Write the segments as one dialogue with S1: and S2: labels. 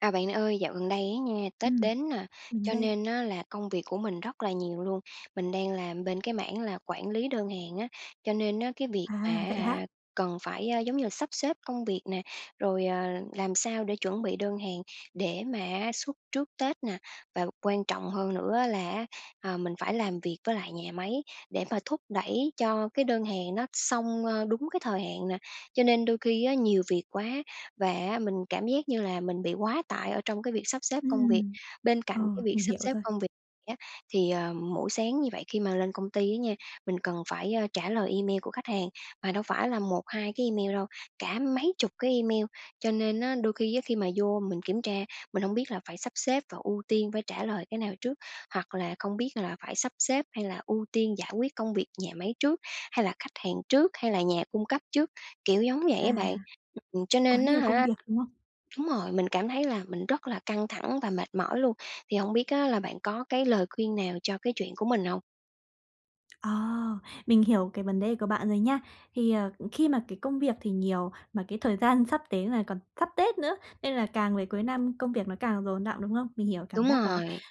S1: À, bạn ơi, dạo gần đây á nha, Tết
S2: Ừm.
S1: đến nè,
S2: Mình
S1: cho
S2: đây!
S1: nên á là công việc của mình rất là nhiều luôn. Mình đang làm bên cái mảng là quản lý đơn hàng á, cho nên á cái việc mà
S2: À,
S1: á
S2: vậy
S1: hả
S2: hả?
S1: cần phải, à, giống như là, sắp xếp công việc nè, rồi, ờ, làm sao để chuẩn bị đơn hàng để mà á xuất trước Tết nè, và quan trọng hơn nữa là á, ờ, mình phải làm việc với lại nhà máy để mà thúc đẩy cho cái đơn hàng nó xong, ờ, đúng cái thời hạn nè. Cho nên đôi khi á nhiều việc quá và á mình cảm giác như là mình bị quá tải ở trong cái việc sắp xếp công việc.
S2: Ừm.
S1: Bên cạnh
S2: Ờ,
S1: cái việc
S2: mình
S1: sắp
S2: hiểu
S1: xếp
S2: rồi.
S1: công việc này á thì, à, mỗi sáng như vậy khi mà lên công ty á nha, mình cần phải, ờ, trả lời email của khách hàng, mà đâu phải là 1-2 cái email đâu, cả mấy chục cái email. Cho nên á đôi khi á khi mà vô mình kiểm tra mình hông biết là phải sắp xếp và ưu tiên phải trả lời cái nào trước, hoặc là không biết là phải sắp xếp hay là ưu tiên giải quyết công việc nhà máy trước hay là khách hàng trước, hay là nhà cung cấp trước? Kiểu giống vậy á
S2: À.
S1: bạn. Ừm, ừm, cho
S2: Quá
S1: nên á
S2: nhiều công
S1: hả
S2: việc, đúng không?
S1: đúng rồi, mình cảm thấy là mình rất là căng thẳng và mệt mỏi luôn. Thì hông biết á là bạn có cái lời khuyên nào cho cái chuyện của mình hông?
S2: Ờ, mình hiểu cái vấn đề của bạn rồi nha. Thì, ờ, khi mà cái công việc thì nhiều, mà cái thời gian sắp đến là còn sắp Tết nữa, nên là càng về cuối năm công việc nó càng dồn đọng, đúng không? Mình hiểu cảm
S1: Đúng
S2: giác đó.
S1: rồi.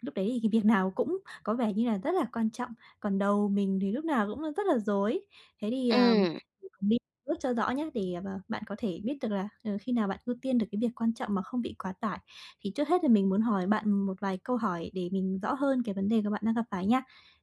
S2: Lúc đấy thì cái việc nào cũng có vẻ như là rất là quan trọng, còn đầu mình thì lúc nào cũng rất là rối. Thế thì, ờ,
S1: Ừm.
S2: [unintelligible] biết bước cho rõ nhá, để bạn có thể biết được là, ờ, khi nào bạn ưu tiên được cái việc quan trọng mà không bị quá tải. Thì trước hết là mình muốn hỏi bạn một vài câu hỏi để mình rõ hơn cái vấn đề của bạn đang gặp phải nha.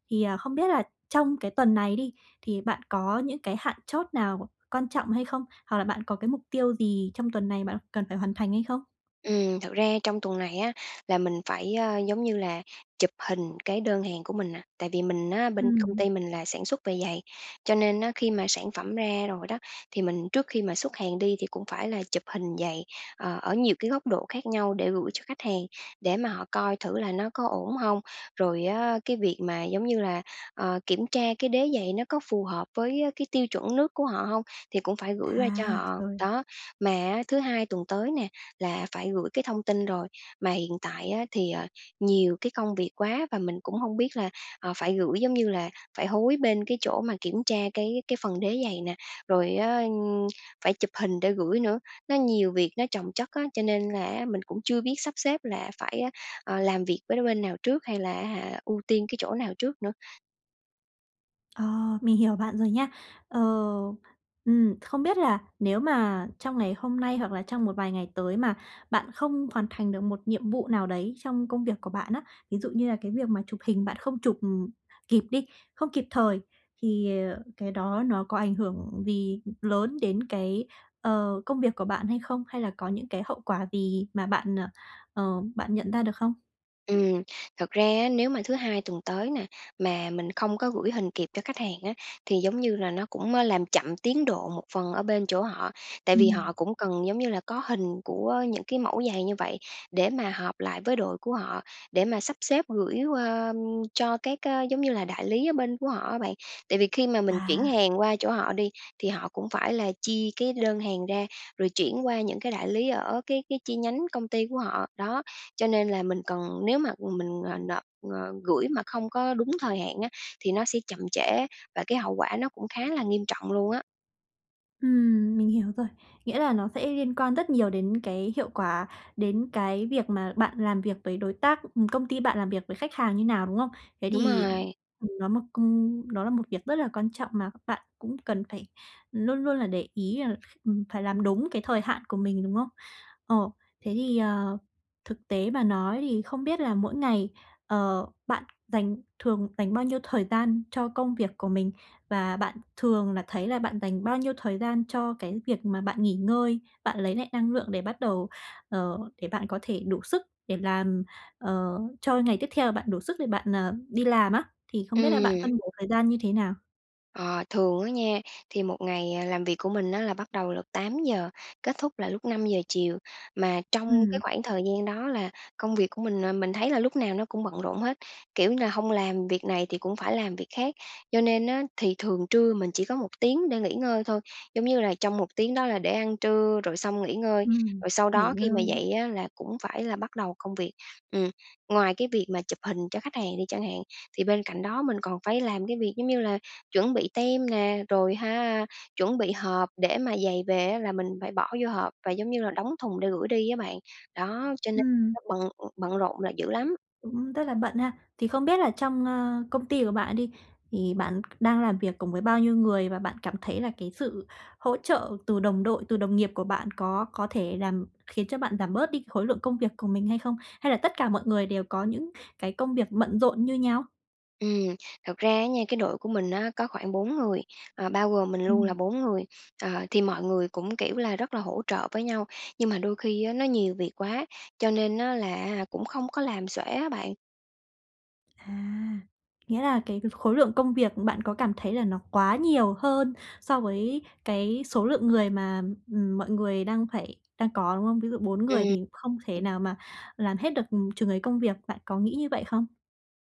S2: Thì, ờ, không biết là trong cái tuần này đi, thì bạn có những cái hạn chót nào quan trọng hay không? Hoặc là bạn có cái mục tiêu gì trong tuần này bạn cần phải hoàn thành hay không?
S1: Ừm, thực ra trong tuần này á, là mình phải, à, giống như là chụp hình cái đơn hàng của mình nè. Tại vì mình á, bên công
S2: Ừm.
S1: ty mình là sản xuất về giày, cho nên á khi mà sản phẩm ra rồi đó thì mình trước khi mà xuất hàng đi thì cũng phải là chụp hình giày, ờ, ở nhiều cái góc độ khác nhau để gửi cho khách hàng, để mà họ coi thử là nó có ổn hông. Rồi á cái việc mà, giống như là, ờ, kiểm tra cái đế giày nó có phù hợp với cái tiêu chuẩn nước của họ hông, thì cũng phải gửi qua cho
S2: À,
S1: họ.
S2: rồi.
S1: Đó, mà á thứ Hai tuần tới nè, là phải gửi cái thông tin rồi. Mà hiện tại á thì, ờ, nhiều cái công việc quá và mình cũng hông biết là, ờ, phải gửi, giống như là, phải hối bên cái chỗ mà kiểm tra cái cái phần đế giày nè, rồi á, ừm, phải chụp hình để gửi nữa. Nó nhiều việc nó chồng chất á, cho nên là á mình cũng chưa biết sắp xếp là phải á, ờ, làm việc với đôi bên nào trước, hay là á hả ưu tiên cái chỗ nào trước nữa.
S2: Ờ. Mình hiểu bạn rồi nha. Ờ, ừm, không biết là nếu mà trong ngày hôm nay hoặc là trong một vài ngày tới mà bạn không hoàn thành được một nhiệm vụ nào đấy trong công việc của bạn á, ví dụ như là cái việc mà chụp hình bạn không chụp, ừm, kịp đi, không kịp thời thì, ờ, cái đó nó có ảnh hưởng gì lớn đến cái, ờ, công việc của bạn hay không? Hay là có những cái hậu quả gì mà bạn, ờ, ờ, bạn nhận ra được không?
S1: Ừm. Thật ra á nếu mà thứ Hai tuần tới nè, mà mình không có gửi hình kịp cho khách hàng á thì giống như là nó cũng, ơ, làm chậm tiến độ một phần ở bên chỗ họ, tại vì họ
S2: Ừm.
S1: cũng cần giống như là có hình của những cái mẫu giày như vậy để mà họp lại với đội của họ, để mà sắp xếp gửi qua cho các, ơ, giống như là đại lý ở bên của họ á bạn. Tại vì khi mà mình chuyển
S2: À.
S1: hàng qua chỗ họ đi thì họ cũng phải là chi cái đơn hàng ra, rồi chuyển qua những cái đại lý ở cái cái chi nhánh công ty của họ. Đó, cho nên là mình cần nếu mà mình, ờ, nộp, ờ, gửi mà không có đúng thời hạn á thì nó sẽ chậm trễ và cái hậu quả nó cũng khá là nghiêm trọng luôn á.
S2: Ừm, mình hiểu rồi. Nghĩa là nó sẽ liên quan rất nhiều đến cái hiệu quả, đến cái việc mà bạn làm việc với đối tác, ừm, công ty bạn làm việc với khách hàng như nào, đúng không? Thế
S1: Đúng
S2: thì,
S1: rồi.
S2: ừm, nó một công đó là một việc rất là quan trọng mà các bạn cũng cần phải luôn luôn là để ý là, ừm, phải làm đúng cái thời hạn của mình, đúng hông? Ờ, thế thì, ờ, thực tế mà nói thì không biết là mỗi ngày, ờ, bạn dành thường dành bao nhiêu thời gian cho công việc của mình và bạn thường là thấy là bạn dành bao nhiêu thời gian cho cái việc mà bạn nghỉ ngơi, bạn lấy lại năng lượng để bắt đầu, ờ, để bạn có thể đủ sức để làm, ờ, cho ngày tiếp theo bạn đủ sức để bạn, ờ, đi làm á, thì không biết là bạn
S1: Ừm.
S2: phân bổ thời gian như thế nào?
S1: Ờ, thường á nha, thì một ngày, à, làm việc của mình á là bắt đầu lúc 8:00, kết thúc là lúc 5:00 chiều, mà trong cái
S2: Ừm.
S1: khoảng thời gian đó là công việc của mình, ờ, mình thấy là lúc nào nó cũng bận rộn hết, kiểu như là, hông làm việc này thì cũng phải làm việc khác. Cho nên á thì thường trưa mình chỉ có 1 tiếng để nghỉ ngơi thôi, giống như là, trong một tiếng đó là để ăn trưa rồi xong nghỉ ngơi,
S2: Ừm,
S1: rồi sau
S2: nghỉ
S1: đó khi mà
S2: ngơi.
S1: dậy á là cũng phải là bắt đầu công việc. Ừm, ngoài cái việc mà chụp hình cho khách hàng đi chẳng hạn, thì bên cạnh đó mình còn phải làm cái việc, giống như là, chuẩn bị tem nè, rồi ha chuẩn bị hộp để mà giày về á là mình phải bỏ vô hộp và giống như là đóng thùng để gửi đi á bạn. Đó, cho nên
S2: Ừm.
S1: nó bận, ừm, bận rộn là dữ lắm.
S2: Cũng rất là bận ha. Thì không biết là trong, ơ, công ty của bạn đi, thì bạn đang làm việc cùng với bao nhiêu người? Và bạn cảm thấy là cái sự hỗ trợ từ đồng đội, từ đồng nghiệp của bạn, có có thể làm khiến cho bạn giảm bớt đi cái khối lượng công việc của mình hay không? Hay là tất cả mọi người đều có những cái công việc bận rộn như nhau?
S1: Ừm, thật ra á nha, cái đội của mình á có khoảng 4 người, ờ, bao gồm mình luôn là
S2: Ừm.
S1: bốn người. Ờ, thì mọi người cũng, kiểu là, rất là hỗ trợ với nhau, nhưng mà đôi khi á nó nhiều việc quá, cho nên á là á hả cũng không có làm xuể á bạn.
S2: À, nghĩa là cái khối lượng công việc bạn có cảm thấy là nó quá nhiều hơn so với cái số lượng người mà, ừm, mọi người đang phải đang có, đúng không? Ví dụ 4
S1: Ừm.
S2: người thì không thể
S1: Ừm.
S2: nào mà làm hết được, ừm, chừng ấy công việc bạn có nghĩ như vậy không?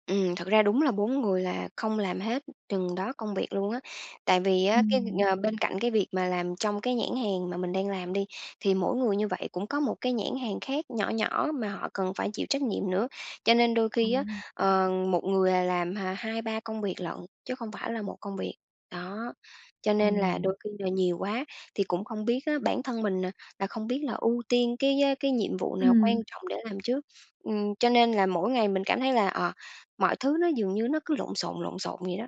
S1: Ừm, thực ra đúng là 4 người là không làm hết chừng đó công việc luôn á, tại vì á cái,
S2: Ừm.
S1: ừm, ờ, bên cạnh cái việc mà làm trong cái nhãn hàng mà mình đang làm đi, thì mỗi người như vậy cũng có một cái nhãn hàng khác nhỏ nhỏ mà họ cần phải chịu trách nhiệm nữa. Cho nên đôi
S2: À.
S1: khi á, ờ, một người, à, làm h hai ba công việc lận chứ không phải là một công việc. Đó, cho nên là
S2: Ồ.
S1: đôi khi là nhiều quá thì cũng không biết á bản thân mình, à, là không biết là ưu tiên cái, á, cái nhiệm vụ nào quan
S2: Ừm.
S1: trọng để làm trước. Ừm, cho nên là mỗi ngày mình cảm thấy là, ờ, mọi thứ nó dường như nó cứ lộn xộn, lộn xộn vậy đó.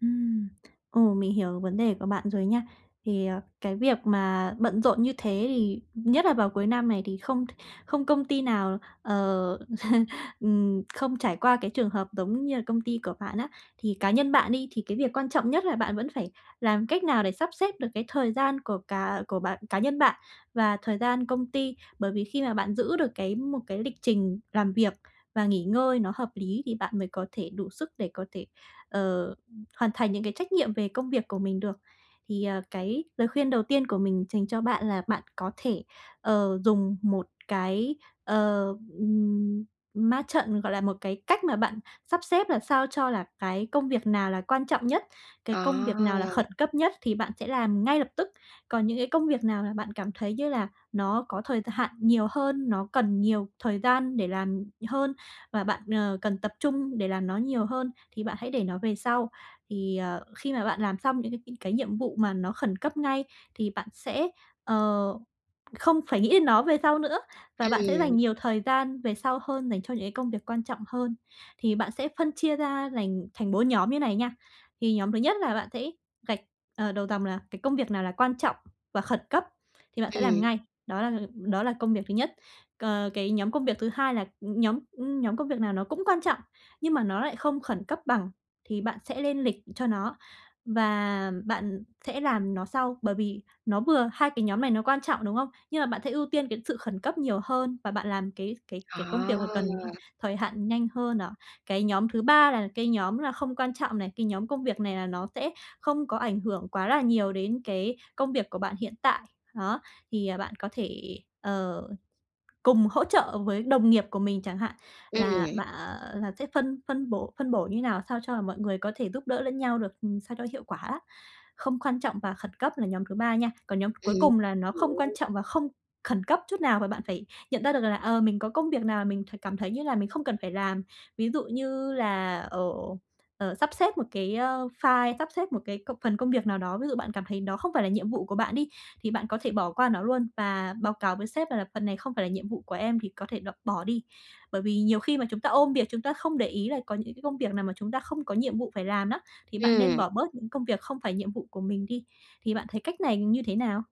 S2: Ừm, ồ, mình hiểu vấn đề của bạn rồi nha. Thì, ờ, cái việc mà bận rộn như thế thì nhất là vào cuối năm này thì không không công ty nào, ờ, ừm, không trải qua cái trường hợp giống như là công ty của bạn á. Thì cá nhân bạn đi, thì cái việc quan trọng nhất là bạn vẫn phải làm cách nào để sắp xếp được cái thời gian của cả của bạn cá nhân bạn, và thời gian công ty, bởi vì khi mà bạn giữ được cái một cái lịch trình làm việc và nghỉ ngơi nó hợp lý, thì bạn mới có thể đủ sức để có thể, ờ, ưm, hoàn thành những cái trách nhiệm về công việc của mình được. Thì, ờ, cái lời khuyên đầu tiên của mình dành cho bạn là bạn có thể, ờ, dùng một cái, ờ, ừm, ma trận, gọi là, một cái cách mà bạn sắp xếp làm sao cho là cái công việc nào là quan trọng nhất, cái công việc nào là khẩn
S1: À!
S2: cấp nhất thì bạn sẽ làm ngay lập tức. Còn những cái công việc nào mà bạn cảm thấy như là nó có thời th hạn nhiều hơn, nó cần nhiều thời gian để làm hơn, và bạn, ờ, cần tập trung để làm nó nhiều hơn thì bạn hãy để nó về sau. Thì, ờ, khi mà bạn làm xong những cái cái cái nhiệm vụ mà nó khẩn cấp ngay thì bạn sẽ, ờ, không phải nghĩ đến nó về sau nữa, và bạn sẽ dành
S1: Ừm.
S2: nhiều thời gian về sau hơn dành cho những cái công việc quan trọng hơn. Thì bạn sẽ phân chia ra lành thành 4 nhóm như này nha. Thì nhóm thứ nhất là bạn sẽ gạch, à, đầu dòng là cái công việc nào là quan trọng và khẩn cấp thì bạn sẽ làm
S1: Ừm.
S2: ngay, đó là, ừ, đó là công việc thứ nhất. Cờ, cái nhóm công việc thứ 2 là, ừm, nhóm, ưm, nhóm công việc nào nó cũng quan trọng, nhưng mà nó lại không khẩn cấp bằng thì bạn sẽ lên lịch cho nó, và bạn sẽ làm nó sau, bởi vì nó vừa hai cái nhóm này nó quan trọng, đúng không? Nhưng mà bạn sẽ ưu tiên cái sự khẩn cấp nhiều hơn và bạn làm cái cái cái công việc mà cần [unintelligible]
S1: À!
S2: thời hạn nhanh hơn à. Cái nhóm thứ 3 là cái nhóm là không quan trọng này, cái nhóm công việc này là nó sẽ không có ảnh hưởng quá là nhiều đến cái công việc của bạn hiện tại. Đó, thì, à, bạn có thể, ờ, cùng hỗ trợ với đồng nghiệp của mình chẳng hạn, là
S1: Ừm.
S2: bạ, ờ là sẽ phân phân bổ phân bổ như thế nào, sao cho mọi người có thể giúp đỡ lẫn nhau được, ừm, sao cho hiệu quả á. Không quan trọng và khẩn cấp là nhóm thứ 3 nha. Còn nhóm
S1: Ừm,
S2: cuối cùng là nó không quan
S1: hiểu.
S2: trọng và không khẩn cấp chút nào, và bạn phải nhận ra được là, ờ, mình có công việc nào là mình cảm thấy như là mình không cần phải làm. Ví dụ như là ở ờ, sắp xếp một cái, ơ, file, sắp xếp một cái công phần công việc nào đó, ví dụ bạn cảm thấy nó không phải là nhiệm vụ của bạn đi, thì bạn có thể bỏ qua nó luôn và báo cáo với sếp là "Phần này không phải là nhiệm vụ của em, thì có thể độc bỏ đi." Bởi vì nhiều khi mà chúng ta ôm việc, chúng ta không để ý là có những cái công việc nào mà chúng ta không có nhiệm vụ phải làm nó, thì bạn nên
S1: Ừm.
S2: bỏ bớt những công việc không phải nhiệm vụ của mình đi, thì bạn thấy cách này như thế nào?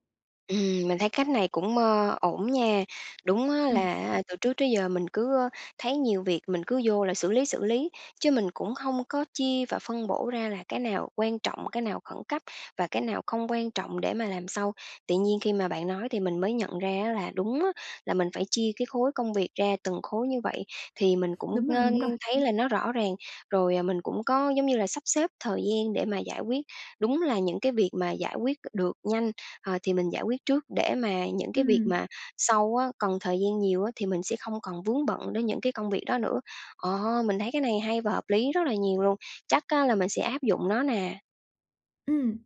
S1: Ừm, mình thấy cách này cũng, mơ, ổn nha. Đúng á
S2: Ừm.
S1: là, a, từ trước tới giờ mình cứ, ơ, thấy nhiều việc mình cứ vô là xử lý, xử lý, chứ mình cũng không có chia và phân bổ ra là cái nào quan trọng, cái nào khẩn cấp và cái nào không quan trọng để mà làm sau. Tự nhiên khi mà bạn nói thì mình mới nhận ra á là đúng á, là mình phải chia cái khối công việc ra từng khối như vậy, thì mình cũng,
S2: Đúng rồi,
S1: ơ,
S2: đúng rồi.
S1: thấy là nó rõ ràng, rồi, ờ, mình cũng có, giống như là, sắp xếp thời gian để mà giải quyết. Đúng là những cái việc mà giải quyết c được nhanh, ờ, thì mình giải quyết trước để mà những cái việc
S2: Ừm.
S1: mà sau á, còn thời gian nhiều á thì mình sẽ không còn vướng bận đến những cái công việc đó nữa. Ờ, mình thấy cái này hay và hợp lý rất là nhiều luôn, chắc á là mình sẽ áp dụng nó nè.
S2: Ừm,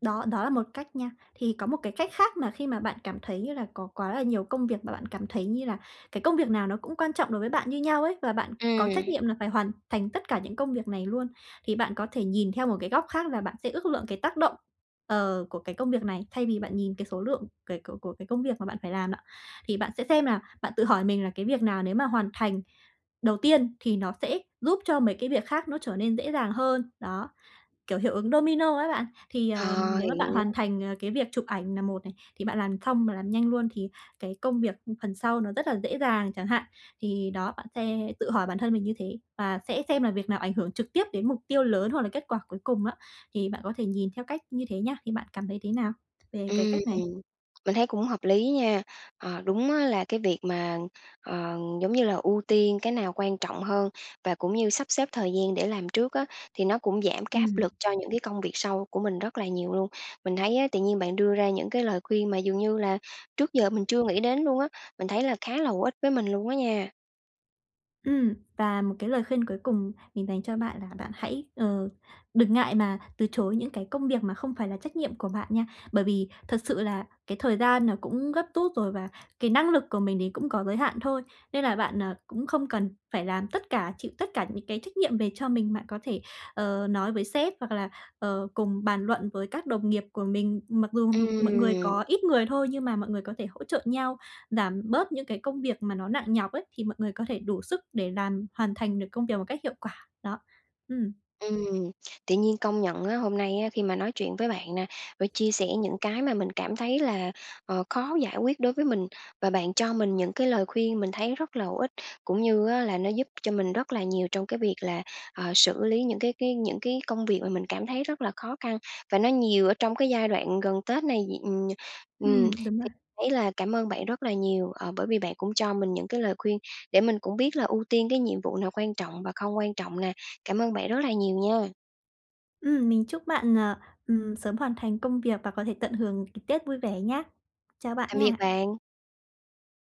S2: đó, đó là một cách nha. Thì có một cái cách khác mà khi mà bạn cảm thấy, như là, có quá là nhiều công việc, mà bạn cảm thấy như là cái công việc nào nó cũng quan trọng đối với bạn như nhau ấy và bạn có trách
S1: Ừm.
S2: nhiệm là phải hoàn thành tất cả những công việc này luôn, thì bạn có thể nhìn theo một cái góc khác là bạn sẽ ước lượng cái tác động, ờ, của cái công việc này thay vì bạn nhìn cái số lượng kể của của cái công việc mà bạn phải làm đó, thì bạn sẽ xem là bạn tự hỏi mình là cái việc nào nếu mà hoàn thành đầu tiên thì nó sẽ giúp cho mấy cái việc khác nó trở nên dễ dàng hơn. Đó, kiểu, hiệu ứng domino á bạn. Thì, à,
S1: Ờ,
S2: nếu mà bạn
S1: hiểu.
S2: hoàn thành, ờ, cái việc chụp ảnh nà một này, thì bạn làm xong mà làm nhanh luôn thì cái công việc phần sau nó rất là dễ dàng chẳng hạn. Thì đó, bạn sẽ tự hỏi bản thân mình như thế và sẽ xem là việc nào ảnh hưởng trực tiếp đến mục tiêu lớn, hoặc là kết quả cuối cùng á, thì bạn có thể nhìn theo cách như thế nhé. Thì bạn cảm thấy thế nào về cái
S1: Ừm,
S2: cách này?
S1: ừm. Mình thấy cũng hợp lý nha. Ờ, đúng á là cái việc mà, ờ, giống như là ưu tiên cái nào quan trọng hơn và cũng như sắp xếp thời gian để làm trước á, thì nó cũng giảm cái áp
S2: Ừm.
S1: lực cho những cái công việc sau của mình rất là nhiều luôn. Mình thấy á tự nhiên bạn đưa ra những cái lời khuyên mà dường như là trước giờ mình chưa nghĩ đến luôn á. Mình thấy là khá là hữu ích với mình luôn á nha.
S2: Ừm. Và một cái lời khuyên cuối cùng mình dành cho bạn là bạn hãy, ờ, đừng ngại mà từ chối những cái công việc mà không phải là trách nhiệm của bạn nha, bởi vì thật sự là cái thời gian nó cũng gấp rút rồi và cái năng lực của mình thì cũng có giới hạn thôi. Nên là bạn, à, cũng không cần phải làm tất cả, chịu tất cả những cái trách nhiệm về cho mình, bạn có thể, ờ, nói với sếp, hoặc là, ờ, cùng bàn luận với các đồng nghiệp của mình, mặc dù mọi người
S1: Ừm.
S2: có ít người thôi nhưng mà mọi người có thể hỗ trợ nhau, giảm bớt những cái công việc mà nó nặng nhọc ấy, thì mọi người có thể đủ sức để làm hoàn thành được công việc một cách hiệu quả. Đó. Ừm.
S1: Ừm, tự nhiên công nhận á, hôm nay á khi mà nói chuyện với bạn nè và chia sẻ những cái mà mình cảm thấy là, ờ, khó giải quyết đối với mình và bạn cho mình những cái lời khuyên mình thấy rất là hữu ích, cũng như á là nó giúp cho mình rất là nhiều trong cái việc là, ờ, xử lý những cái cái những cái công việc mà mình cảm thấy rất là khó khăn và nó nhiều ở trong cái giai đoạn gần Tết này d ừm, ừm,
S2: Ừm, đúng
S1: thì
S2: rồi.
S1: thấy là cảm ơn bạn rất là nhiều, ờ, bởi vì bạn cũng cho mình những cái lời khuyên để mình cũng biết là ưu tiên cái nhiệm vụ nào quan trọng và không quan trọng nè. Cảm ơn bạn rất là nhiều nha!
S2: Ừm, mình chúc bạn, ờ, ừm, sớm hoàn thành công việc và có thể tận hưởng c Tết vui vẻ nhá. Chào bạn
S1: Tạm biệt
S2: nha!
S1: bạn!